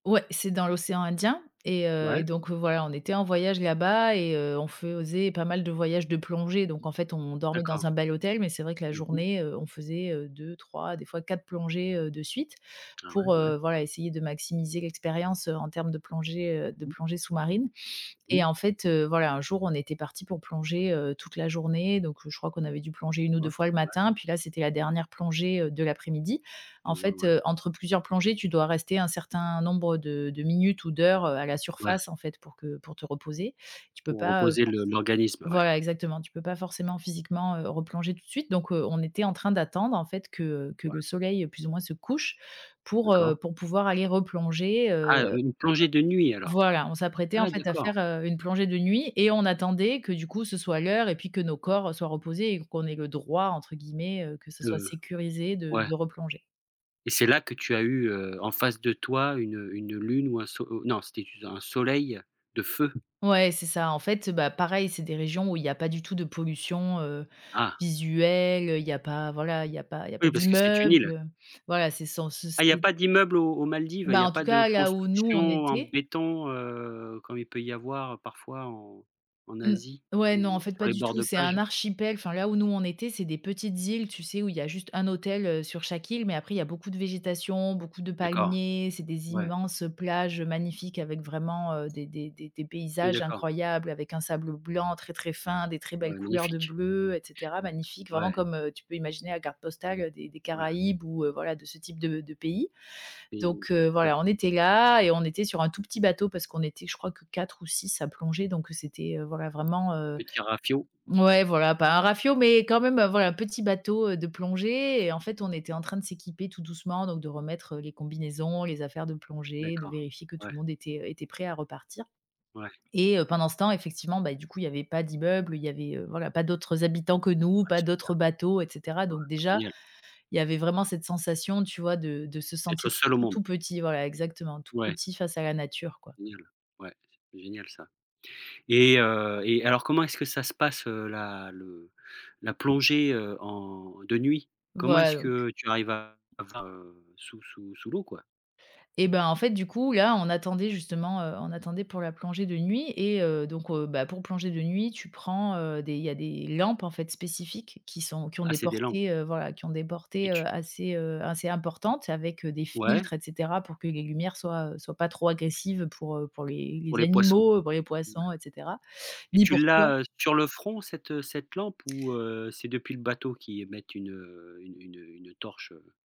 Ouais, c'est dans l'océan Indien et heu, et Ouais. donc, voilà, on était en voyage là-bas et heu, on faisait pas mal de voyages de plongée. Donc, en fait, on dormait D'accord. dans un bel hôtel, mais c'est vrai que la Mmh mh. journée, heu, on faisait, heu, 2-3, des fois 4 plongées, heu, de suite Ah ouais, pour, ouais. heu, voilà, essayer de maximiser l'expérience en termes de plongée, heu, Mmh de mh. plongée sous-marine Mmh mh. et en fait, heu, voilà, un jour, on était parti pour plonger, heu, toute la journée, donc je crois qu'on avait dû plonger 1 ou 2 Ouais, fois le ouais. matin, puis là, c'était la dernière plongée, heu, de l'après-midi. Et heu, En ouais, fait, ouais. heu, entre plusieurs plongées, tu dois rester un certain nombre de de minutes ou d'heures, heu, à la Ouais. surface, en fait, pour que pour te reposer. Tu peux Pour pas, heu reposer le l'organisme, heu, ouais. voilà, exactement, tu peux pas forcément, physiquement, heu, replonger tout de suite. Donc, heu, on était en train d'attendre, en fait, que que Ouais. le soleil, plus ou moins, se couche pour, heu, D'accord. pour pouvoir aller replonger, Ah, heu une plongée de nuit, alors. voilà, on s'apprêtait, en Ah fait, à d'accord. faire, heu, une plongée de nuit et on attendait que, du coup, ce soit l'heure et puis que nos corps soient reposés et qu'on ait «le droit», entre guillemets, heu, que ce soit De sécurisé de ouais. de replonger. Et c'est là que tu as eu, heu, en face de toi une, heu une, heu, une lune ou un non, c'était un soleil de feu. Ouais, c'est ça, en fait. Bah, pareil c'est des régions où il y a pas du tout de pollution, heu, Ah! visuelle, heu, il y a pas voilà il y a pas il y a pas Oui, parce que c'était une d'immeubles, île. heu, voilà, c'est sans Ah, il y a soucis. pas d'immeubles aux aux Maldives, il y Bah, a en tout pas de cas là où nous construction on en était béton, heu, comme il peut y en avoir parfois en en Mmh. Asie Ouais, non, en ou fait, sur pas les du bords tout, de c'est un plage. archipel. Enfin, là où nous on était, c'est des petites îles, tu sais, où il y a juste un hôtel, heu, sur chaque île, mais après, il y a beaucoup de végétation, beaucoup de D'accord, palmiers, c'est des ouais. immenses, heu, plages, heu, magnifiques avec vraiment, heu, des des des des Oui, paysages d'accord. incroyables, avec un sable blanc très très fin, des très belles Ouais, couleurs de magnifique. bleu, et cetera, magnifiques, vraiment, Ouais. comme, heu, tu peux imaginer la carte postale, heu, des des Ouais. Caraïbes ou, heu, voilà, de ce type de de pays. Oui, Donc, heu, tout à voilà, fait. on était là et on était sur un tout petit bateau parce qu'on était, je crois, que 4 ou 6 à plonger, donc, heu, c'était, heu, vrai vraiment, heu, Petit rafiot. mouais, voilà, pas un rafiot, mais quand même, voilà, petit bateau, heu, de plongée. Et en fait, on était en train de s'équiper tout doucement, donc de remettre les combinaisons, les affaires de plongée, de D'accord, vérifier que tout ouais. le monde était, heu, était prêt à repartir. Ouais. Et pendant ce temps, effectivement, bah, du coup, il y avait pas d'immeubles, il y avait, heu, voilà, pas d'autres habitants que nous, Ouais, pas super. d'autres bateaux, et cetera. Ouais, Donc déjà, génial. il y avait vraiment cette sensation, tu vois, de de se Être sentir seul au tout monde. tout petit, voilà, exactement tout Ouais. petit face à la nature, quoi. Génial, ouais, c'est génial, ça et heu et alors, comment est-ce que ça se passe, heu, la le la plongée, heu, en de nuit? Comment Voilà, est-ce donc que tu arrives à à voir, heu, sous sous sous l'eau, quoi? Eh ben, en fait, du coup, là, on attendait justement, heu, on attendait pour la plongée de nuit et heu, donc, heu, bah, pour plonger de nuit, tu prends, heu, des il y a des lampes, en fait, spécifiques qui sont qui ont Ah des c'est des lampes. portées, heu, voilà, qui ont des Et portées, heu, tu assez heu, assez importantes avec, heu, des Ouais. filtres, et cetera, pour que les lumières soient, heu, soient pas trop agressives pour, heu, pour les Pour les les poissons. animaux, pour les Ouais. poissons, et cetera, Et ni tu pour toi. l'as, heu, sur le front, cette, heu, cette lampe ou, heu, c'est depuis le bateau qu'ils émettent une, heu une heu, une une torche, heu